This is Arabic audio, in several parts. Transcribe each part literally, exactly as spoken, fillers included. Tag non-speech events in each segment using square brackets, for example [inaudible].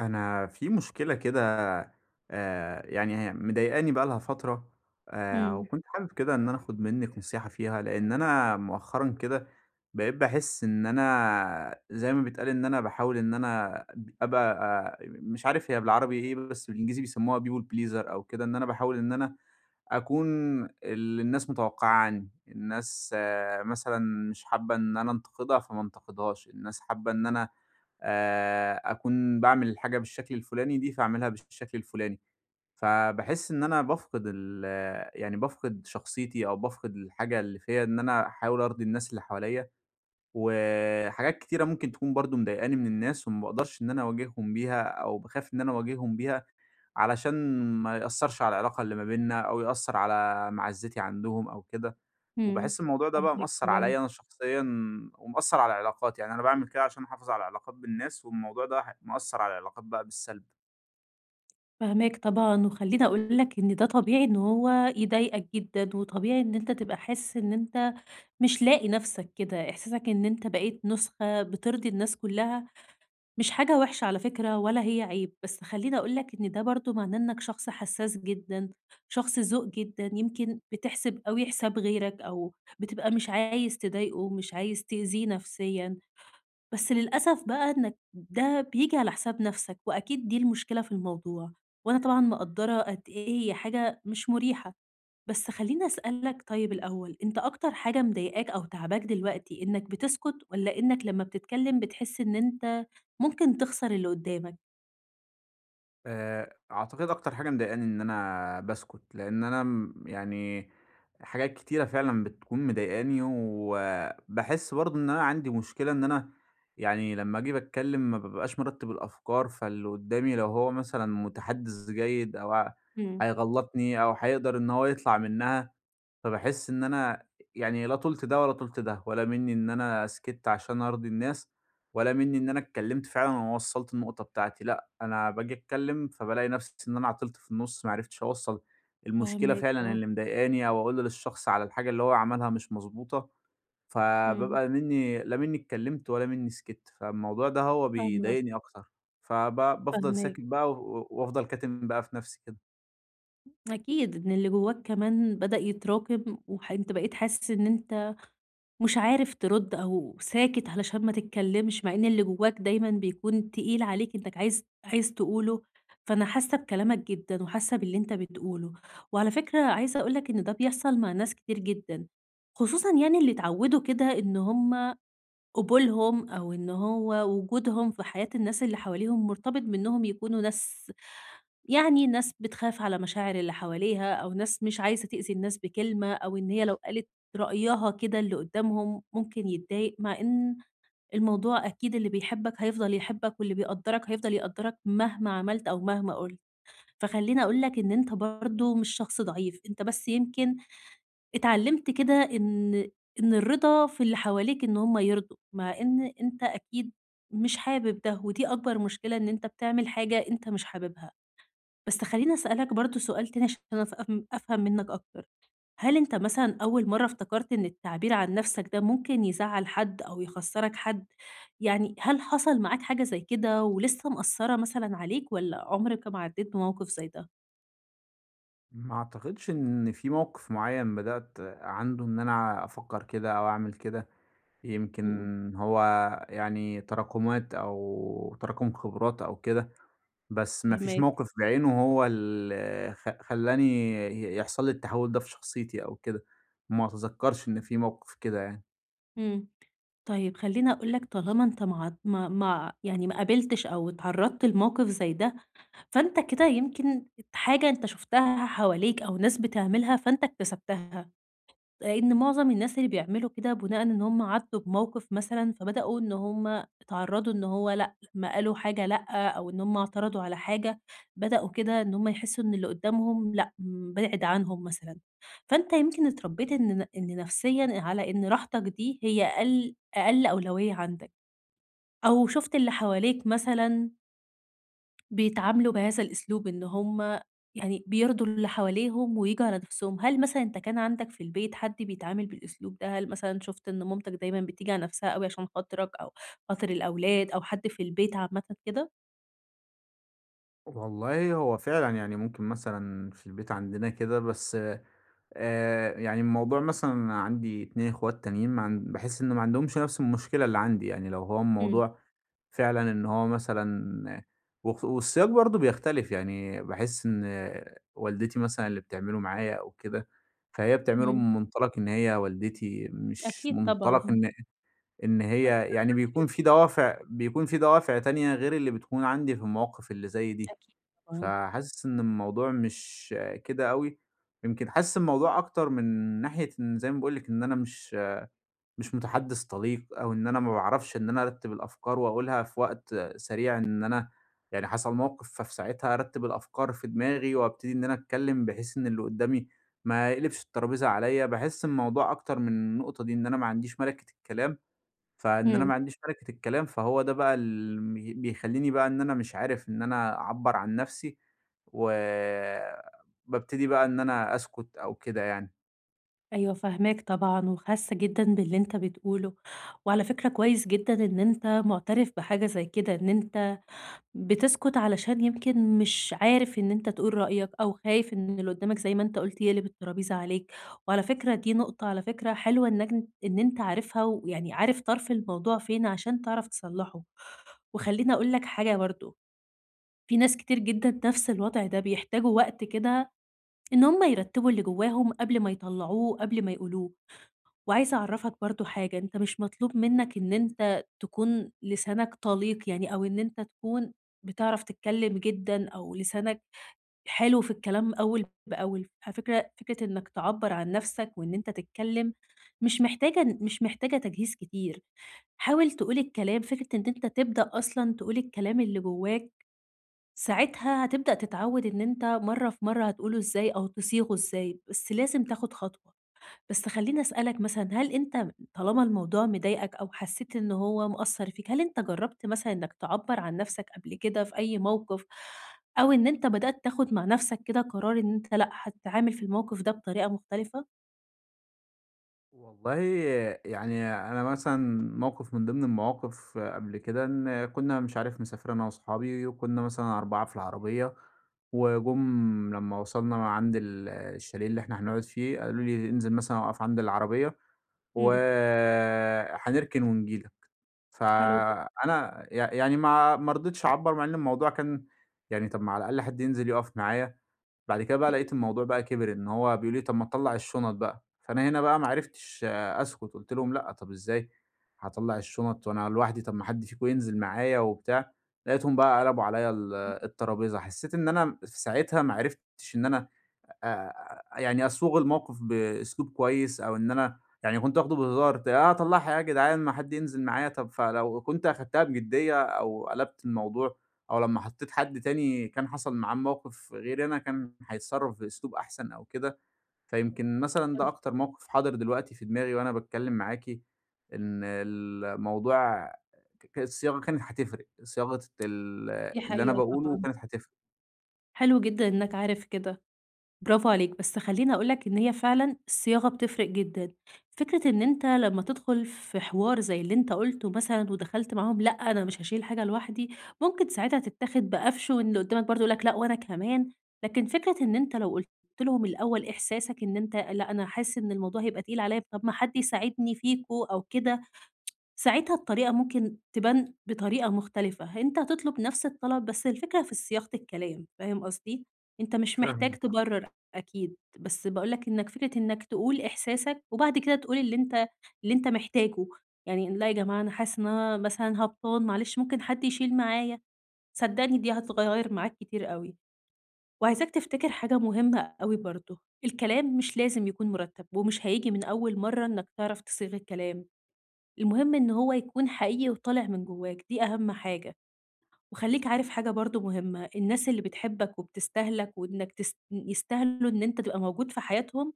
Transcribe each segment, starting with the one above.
أنا في مشكلة كده آآ يعني هي مضايقاني بقى لها فترة آآ إمم. وكنت حابب كده إن أنا آخُد منِّك نصيحة فيها. لإن أنا مؤخرًا كده بقيت باحس إن أنا زي ما بيتقال إن أنا باحاول إن أنا أب أبقى أ مش عارف هي بالعربي إيه، بس بالإنجليزي بيسمُّوها people pleaser أو كده. إن أنا باحاول إن أنا أكون اللي الناس متَوقّعاه عنّي. الناس مثلًا مش حابّة إن أنا أنتقدها فما أنتقدهاش، الناس حابّة إن أنا آآ أكون باعمل الحاجة بالشكل الفُلاني دي فاعملها بالش الشكل الفُلاني. فباحس إن أنا بافقد ال يعني بافقد شخصيتي أو بافقد الحاجة اللي فيّا إن أنا أحاول أرضي الناس اللي حواليّا. وحاجات كتيرة ممكن تكون برضه مضايقاني من الناس وما باقدرش إن أنا أواجههم بيها أو باخاف إن أنا أواجههم بيها، علشان ما يأثّرش على العلاقة اللي ما بيننا أو يأثّر على مَعزِّتي عندهم أو كده. إمم، وباحس الموضوع ده بقى فاهماك مأثّر طبعًا. عليّا أنا شخصيًا ومأثّر على علاقاتي. يعني أنا باعمل كده عشان أحافظ على العلاقات بالناس والموضوع ده ح مأثّر على العلاقات بقى بالسلب. فاهماك طبعًا، وخلّيني أقول لك إن ده طبيعي إن هو يضايقك جدًا، وطبيعي إن أنت تبقى حاسس إن أنت مش لاقي نفسك كده. إحساسك إن أنت بقيت نسخة بترضي الناس كلّها مش حاجة وحشة على فكرة، ولا هي عيب، بس خلّيني أقول لك إن ده برضو معناه إنّك شخص حسّاس جدًا، شخص ذوق جدًا، يمكن بتحسب أوي حساب غيرك، أو بتبقى مش عايز تضايقه ومش عايز تأذيه نفسيًا. بس للأسف بقى إنّك ده بييجي على حساب نفسك، وأكيد دي المشكلة في الموضوع، وأنا طبعًا مقدرة قد إيه هي حاجة مش مريحة. بس خلّيني أسألك طيّب الأوّل، أنت أكتر حاجة مضايقاك أو تاعباك دلوقتي إنّك بتسكت، والّا إنّك لمّا بتتكلّم بتحس إن أنت ممكن تخسر اللي قدّامك؟ آآ، أعتقد أكتر حاجة مضايقني إن أنا باسكت، لأن أنا م يعني حاجات كتيرة فعلًا بتكون مضايقني، وباحس برضو إن أنا عندي مشكلة إن أنا يعني لمّا أجي باتكلّم ما بابقاش مرتب الأفكار، فاللي قدّامي لو هو مثلًا متحدث جيد أو ع امم. هيغلطني أو هيقدر إن هو يطلع منها، فباحس إن أنا يعني لا طُلت ده ولا طُلت ده، ولا مِنّي إن أنا سكتت عشان أرضي الناس، ولا مِنّي إن أنا اتكلّمت فعلًا وما وصلت النقطة بتاعتي. لأ، أنا باجي أتكلّم فبالاقي نفسي إن أنا عطلت في النُص، ما عرفتش أوصّل المشكلة فاهماك، فعلًا آه. اللي مضايقاني أو أقول للشخص على الحاجة اللي هو عملها مش مضبوطة، امم. فبابقى مِنّي لا مِنّي اتكلّمت ولا مِنّي سكت، فالموضوع ده هو فاهمة قصدك. بيضايقني أكتر، فب بافضل فاهماك. ساكت بقى و وأفضل كاتم بقى في نفسي كده. أكيد إن اللي جوّاك كمان بدأ يتراكم، وح أنت بقيت حاسس إن أنت مش عارف ترد، أو ساكت علشان ما تتكلمش، مع إن اللي جوّاك دايمًا بيكون تقيل عليك، إنّك عايز عايز تقوله. فأنا حاسّة بكلامك جدًا، وحاسة باللي أنت بتقوله. وعلى فكرة، عايزة أقول لك إن ده بيحصل مع ناس كتير جدًا، خصوصًا يعني اللي اتعودوا كده إن هُم قبولهم، أو إن هو وجودهم في حياة الناس اللي حواليهم، مرتبط بإنهم يكونوا ناس يعني، ناس بتخاف على مشاعر اللي حواليها، أو ناس مش عايزة تؤذي الناس بكلمة، أو إن هي لو قالت رأيها كده اللي قدّامهم ممكن يتضايق. مع إن الموضوع أكيد، اللي بيحبك هيفضل يحبك، واللي بيقدّرك هيفضل يقدّرك، مهما عملت أو مهما قلت. فخليني أقول لك إن أنت برضو مش شخص ضعيف، أنت بس يمكن اتعلمت كده، إن إن الرضا في اللي حواليك، إن هُم يرضوا، مع إن أنت أكيد مش حابب ده، ودي أكبر مشكلة، إن أنت بتعمل حاجة أنت مش حاببها. بس خلّيني أسألك برضو سؤال تاني، عشان أف أف أفهم منّك أكتر. هل أنت، مثلًا، أوّل مرّة افتكرت إن التعبير عن نفسك ده ممكن يزعّل حد، أو يخسّرك حد يعني؟ هل حصل معاك حاجة زي كده، ولسّه مأثرة، مثلًا، عليك، والّا عمرك ما عدّيت بموقف زي ده؟ ما أعتقدش إن في موقف معيّن بدأت عنده إن أنا أفكّر كده أو أعمل كده. يمكن إمم. هو يعني تراكُمات أو تراكُم خبرات أو كده. بس ما فيش فاهماك. موقف بعينه هو ال خ خلّاني ي يحصل لي التحوّل ده في شخصيتي أو كده. ما أتذكّرش إن في موقف كده يعني. إمم. طيب، خلّيني أقول لك طالما أنت ما ع ما ما ع يعني ما قابلتش أو اتعرّضت لموقف زي ده، فأنت كده يمكن حاجة أنت شُفتها حواليك أو ناس بتعملها فأنت اكتسبتها. لإن معظم الناس اللي بيعملوا كده بناءً إن هم عدّوا بموقف مثلًا، فبدأوا إن هم اتعرّضوا إنه هو لأ، ما قالوا حاجة لأ، أو إن هم اعترضوا على حاجة. بدأوا كده إن هم يحسّوا إن اللي قدّامهم لأ، بِعِد عنهم مثلًا. فأنت يمكن اتربّيت إن ن إن نفسيًا على إن راحتك دي هي أقِل أقَل أولوية عندك. أو شُفت اللي حواليك مثلًا بيتعاملوا بهذا الأسلوب. إن هم يعني بيرضوا اللي حواليهم وبيجّوا على نفسهم. هل مثلًا إن كان عندك في البيت حد بيتعامل بالأسلوب ده؟ هل مثلًا شُفت إن ماماتك دايمًا بتيجي على نفسها أوي عشان خاطرك أو خاطر الأولاد أو حد في البيت عامةً كده؟ والله هو فعلًا. يعني ممكن مثلًا في البيت عندنا كده، بس آآ يعني الموضوع مثلًا أنا عندي اتنين إخوات تانيين ما عن باحس إنه ما عندهمش نفس المشكلة اللي عندي. يعني لو هو إمم. الموضوع فعلًا إن هو مثلًا وخ والسياق برضه بيختلف. يعني باحس إن والدتي مثلًا اللي بتعمله معايا أو كده، فهي بتعمله إمم. من مُنطَلَق إن هي والدتي مش أكيد مُنطَلَق طبعًا. إن أ إن هي أكتر يعني حد بيكون في بيحبك. دوافع بيكون في دوافع تانية غير اللي بتكون عندي في المواقف اللي زي دي. أكيد طبعًا. فحاسس إن الموضوع مش كده أوي. يمكن حاسس الموضوع أكتر من ناحية إن زي ما باقول لِك إن أنا مش مش مُتَحدِّث طَليق أو إن أنا ما باعرفش إن أنا أرتّب الأفكار وأقولها في وقت سريع إن أنا يعني حصل موقف، ففي ساعتها أرتِّب الأفكار في دماغي وأبتدي إن أنا أتكلّم بحيث إن اللي قدّامي ما يقلبش الطرابيزة عليّا. باحس الموضوع أكتر من النُقطة دي. إن أنا ما عنديش مَلِكِة الكلام. فإن أنا إمم. ما عنديش مَلِكِة الكلام، فهو ده بقى الم بيخلّيني بقى إن أنا مش عارف إن أنا أعبّر عن نفسي و بابتدي بقى إن أنا أسكُت أو كده يعني. أيوه، فاهماك طبعًا، وحاسة جدًا باللي أنت بتقوله، وعلى فكرة كويّس جدًا إن أنت معترف بحاجة زي كده، إن أنت بتسكت علشان يمكن مش عارف إن أنت تقول رأيك أو خايف إن اللي قدّامك، زي ما أنت قلت، يقلب الطرابيزة عليك. وعلى فكرة دي نقطة على فكرة حلوة، إنّك إن أنت عارفها ويعني عارف طرف الموضوع فين عشان تعرف تصلّحه. وخلّيني أقول لك حاجة برضو، في ناس كتير جدًا نفس الوضع ده، بيحتاجوا وقت كده إن هم يرتبوا اللي جواهم قبل ما يطلعوه، قبل ما يقولوه. وعايزة أعرفّك برضو حاجة، أنت مش مطلوب منّك إن أنت تكون لسانك طليق يعني، أو إن أنت تكون بتعرف تتكلّم جدًا أو لسانك حلو في الكلام أوّل بأول. على فكرة، فكرة إنّك تعبر عن نفسك وإن أنت تتكلّم مش محتاجة مش محتاجة تجهيز كتير. حاول تقول الكلام، فكرة إن أنت تبدأ أصلًا تقول الكلام اللي جوّاك، ساعتها هتبدأ تتعود إن أنت مرّة في مرّة هتقوله إزاي أو تصيغه إزاي، بس لازم تأخد خطوة. بس خلّيني أسألك مثلًا، هل أنت طالما الموضوع مضايقك أو حسّيت إن هو مأثر فيك، هل أنت جرّبت مثلًا إنّك تعبر عن نفسك قبل كده في أي موقف؟ أو إن أنت بدأت تاخد مع نفسك كده قرار إن أنت لأ، هتتعامل في الموقف ده بطريقة مختلفة؟ والله يعني أنا مثلًا موقف من ضمن المواقف قبل كده إن كنّا مش عارف مسافر أنا وأصحابي، وكنّا مثلًا أربعة في العربيّة، وجم لمّا وصلنا عند ال الشاليه اللي إحنا هنقعد فيه قالوا لي: "انزل مثلًا أُقف عند العربيّة امم. وهنركن ونيجي لك." حلو جدًا. فأنا ي يعني ما ما رضيتش أعبّر مع إنّه الموضوع كان يعني، طب ما على الأقل حد ينزل يُقف معايا. بعد كده بقى امم. لقيت الموضوع بقى كبر إن هو بيقولوا لي: "طب ما تطلع الشنط بقى؟" فأنا هنا بقى ما [unintelligible] عرفتش أسكت، قلت لهم: "لأ، طب إزاي هاطلع الشنط وأنا لوحدي؟ طب، ما حد فيكم ينزل معايا وبتاع." لقيتهم حلو بقى قلبوا عليَّ ال جدًا، [unintelligible] الترابيزة، حسّيت إن أنا في ساعتها ما عرفتش إن أنا آآ، يعني أصوغ الموقف بأسلوب كويّس، أو إن أنا يعني كنت واخده بهزار، ت أطلعها إيه يا جدعان ما حد ينزل معايا طب، فلو كنت أخدتها بجدية أو قلبت الموضوع، أو لمّا حطيت حد تاني كان حصل معاه الموقف غيري أنا، كان هيتصرف في أسلوب أحسن أو كده، فيمكن مثلًا ده [unintelligible] أكتر موقف حاضر دلوقتي في دماغي وأنا باتكلّم معاكِ إن الموضوع، ك الصياغة كانت هتفرق، صياغة ال دي اللي أنا حقيقة باقوله طبعًا. كانت هتفرق. حلو جدًا إنّك عارف كده، برافو عليك. بس خلّيني أقول لك إن هي فعلًا الصياغة بتفرق جدًا. فكرة إن أنت لمّا تدخل في حوار زي اللي أنت قُلته مثلًا ودخلت معاهم لأ، أنا مش هاشيل حاجة لوحدي. ممكن ساعتها تتّاخد بقفش واللي قدّامك برضه يقول لك لأ وأنا كمان. لكن فكرة إن أنت لو قُلت لهم الأول إحساسك إن أنت لأ، أنا حاسس إن الموضوع هيبقى تقيل عليّا، طب ما حد يساعدني فيكم أو كده. [tsk] ساعتها الطريقة ممكن تبان بطريقة مختلفة. أنت هتطلب نفس الطلب بس الفكرة في صياغة الكلام فاهم قصدي؟ أنت مش محتاج فاهمِك [unintelligible] تبرّر أكيد، بس باقول لك إنّك فكرة إنّك تقول إحساسك وبعد كده تقول اللي أنت اللي أنت محتاجه. يعني لأ يا جماعة أنا حاسس إن أنا مثلًا هبطان معلش ممكن حد يشيل معايا؟ صدّقني دي هتغيّر معاك كتير أوي. وعايزاك تفتكر حاجة مهمّة أوي برضه. الكلام مش لازم يكون مُرتَّب ومش هييجي من أول مرّة إنّك تعرف تصيغ الكلام. المهم إن هو يكون حقيقي وطالع من جوّاك دي أهم حاجة. وخلّيك عارف حاجة برضه مهمّة، الناس اللي بتحبك وبتستاهلك وإنّك تس ن يستهلوا إن أنت تبقى موجود في حياتهم،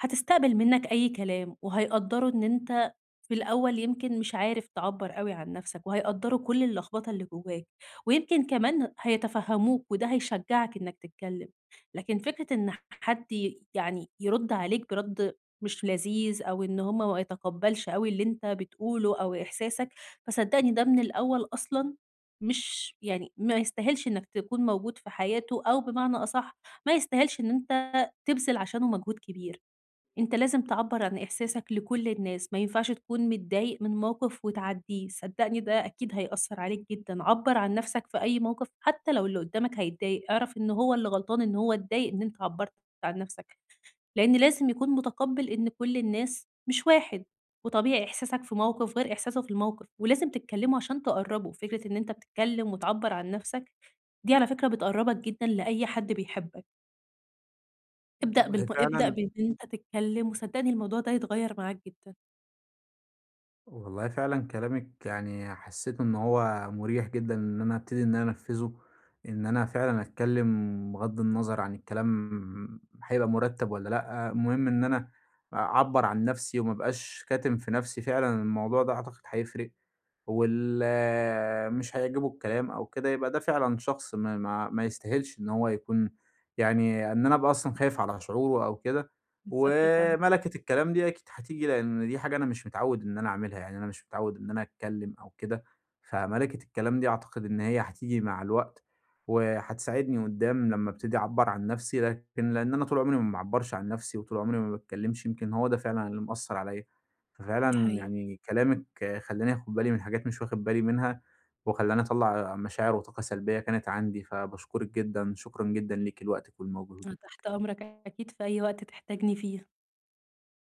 هتستقبل منّك أي كلام وهيقدّروا إن أنت في الأول يمكن مش عارف تعبّر أوي عن نفسك وهيقدروا كل اللخبطة اللي جوّاك. ويمكن كمان هيتفهِّموك وده هيشجّعك إنّك تتكلّم. لكن فكرة إن ح حد يعني يرُد عليك برَد مش لذيذ أو إن هم ما يتقبّلش أوي اللي أنت بتقوله أو إحساسك، فصدّقني ده من الأول أصلًا مش يعني ما يستاهلش إنّك تكون موجود في حياته أو بمعنى أصح، ما يستاهلش إن أنت تبذل عشانه مجهود كبير. أنت لازم تعبّر عن إحساسك لكل الناس، ما ينفعش تكون متضايق من موقف وتعدّيه. صدّقني ده أكيد هيأثّر عليك جدًا. عبّر عن نفسك في أي موقف حتّى لو اللي قدّامك هيتضايق. أعرف إن هو اللي غلطان إن هو اتضايق إن أنت عبّرت عن نفسك. لإن لازم يكون متقبّل إن كل الناس مش واحد. وطبيعي إحساسك في موقف غير إحساسه في الموقف. ولازم تتكلّموا عشان تقرّبوا. فكرة إن أنت بتتكلّم وتعبّر عن نفسك، دي على فكرة بتقرّبك جدًا لأي حد بيحبك. ابدأ بالم والله ابدأ فعلًا بإن أنت تتكلّم وصدّقني الموضوع ده هيتغيّر معاك جدًا. والله فعلًا كلامِك يعني حسّيت إن هو مُريح جدًا إن أنا أبتدي إن أنا أنفّذه. إن أنا فعلًا أتكلّم بِغَض النَظَر عن الكلام هيبقى مُرتَّب والّا لأ. المهم إن أنا أعبّر عن نفسي وما أبقاش كاتم في نفسي. فعلًا الموضوع ده أعتقد هيفرق واللي مش هيعجبه الكلام أو كده، يبقى ده فعلًا شخص ما ما ما يستاهلش إن هو يكون يعني إن أنا أبقى أصلًا خايف على شعوره أو كده. بالضبط يا فندم. ومَلَكِة الكلام دي أكيد هتيجي، لإن دي حاجة أنا مش متعوّد إن أنا أعملها. يعني أنا مش متعوّد إن أنا أتكلّم أو كده، فمَلَكةِ الكلام دي أعتقد إن هي هتيجي مع الوقت وهتساعدني قدّام لمّا أبتدي أعبّر عن نفسي لكن لإن أنا طول عمري ما باعبّرش عن نفسي وطول عمري ما باتكلّمش، يمكن هو ده فعلًا اللي مأثّر عليّا. دي ففعلًا حقيقة. يعني كلامِك خلّاني أخُد بالي من حاجات مش واخِد بالي منها وخلّاني أطلّع مشاعر وطاقة سلبيّة كانت عندي. فباشكُرِك جدًا شكرًا جدًا ليكِ لوقتِك أنا ولمجهودِك. تحت أمرك أكيد في أي وقت تحتاجني فيه.